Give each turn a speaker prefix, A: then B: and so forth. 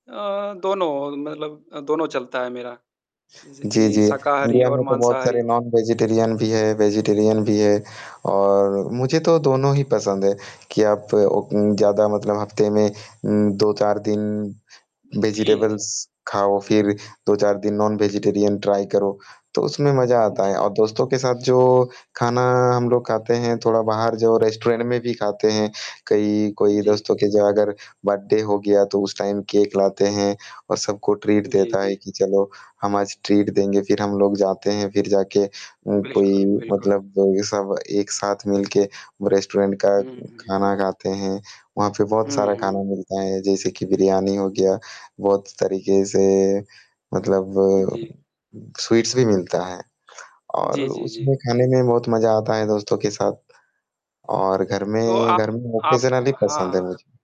A: अ, दोनों मतलब अ, दोनों चलता है मेरा, जैसे
B: जी,
A: कि
B: जी।
A: शाकाहारी
B: इंडिया
A: और
B: में तो बहुत
A: माँसाहारी
B: सारे
A: दोनों।
B: नॉन-वेजिटेरियन भी है, वेजिटेरियन भी है और मुझे तो दोनों ही पसंद है कि आप ओक ज़्यादा मतलब हफ़्ते में उम, 2-4 दिन
A: जी।
B: वेजिटेब्लस खाओ फिर, 2-4 दिन नॉन-वेजिटेरियन ट्राई करो, तो उसमें मज़ा आता है
A: जी।
B: और दोस्तों के साथ जो खाना हम लोग खाते हैं
A: जी।
B: थोड़ा बाहर जो रेस्टोरेंट में भी खाते हैं कई कोई
A: जी।
B: दोस्तों के जो अगर बर्थडे हो गया तो, उस टाइम केक लाते हैं और सबको ट्रीट
A: जी,
B: देता है
A: जी।
B: कि चलो हम आज ट्रीट देंगे, फिर हम लोग जाते हैं, फिर जाके उम, कोई
A: बिल्कुल, बिल्कुल।
B: मतलब जो कि सब एक साथ मिल के वो रेस्टोरेंट का
A: हुँ, हुँ, हुँ।
B: खाना खाते हैं। वहाँ पे बहुत
A: हुँ,
B: सारा
A: हुँ।
B: खाना मिलता है जैसे कि बिरयानी हो गया बहुत तरीके से मतलब अ,
A: जी।
B: स्वीट्स भी मिलता है और
A: जी, जी, जी।
B: उसमें खाने में बहुत मज़ा आता है दोस्तों के साथ और घर
A: तो
B: में
A: आप
B: घर में
A: आप,
B: ऑकेजनली पसंद है
A: हाँ
B: मुझे।